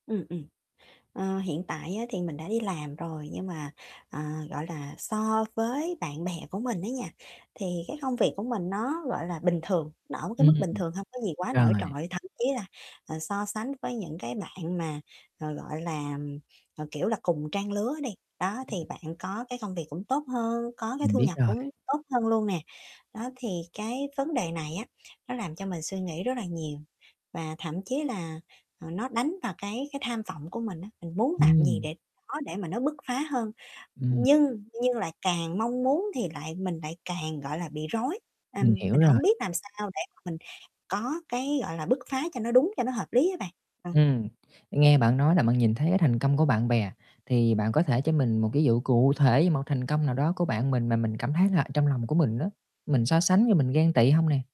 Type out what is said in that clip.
Ừm, ừm. Ờ, hiện tại á thì mình đã đi làm rồi, nhưng mà, ờ, gọi là, so với bạn bè của mình á nha, thì cái công việc của mình nó, gọi là, bình thường, nó ở một cái Ưm, mức bình ừm, thường, hông có gì quá nổi rồi. trội. Thậm chí là, ờ, so sánh với những cái bạn mà, ờ, gọi là, ờ, kiểu là, cùng trang lứa đi, đó Ừm. thì bạn có cái công việc cũng tốt hơn, có cái Mình thu biết nhập rồi. cũng tốt hơn luôn nè. Đó, thì cái vấn đề này á nó làm cho mình suy nghĩ rất là nhiều và thậm chí là, à, nó đánh vào cái cái tham vọng của mình á, mình muốn làm gì Ừm. để [unintelligible] để mà nó bức phá hơn. Ừm. Nhưng nhưng lại càng mong muốn thì lại mình lại càng, gọi là, bị rối, Mình ừm, hiểu mình rồi. hổng biết làm sao để mà mình có cái, gọi là, bức phá cho nó đúng, cho nó hợp lý á bạn, ừm. Ừm, nghe bạn nói là bạn nhìn thấy cái thành công của bạn bè, thì bạn có thể cho mình một cái dụ cụ thể một thành công nào đó của bạn mình mà mình cảm thấy là trong lòng của mình á, mình so sánh với mình ghen tị không nè?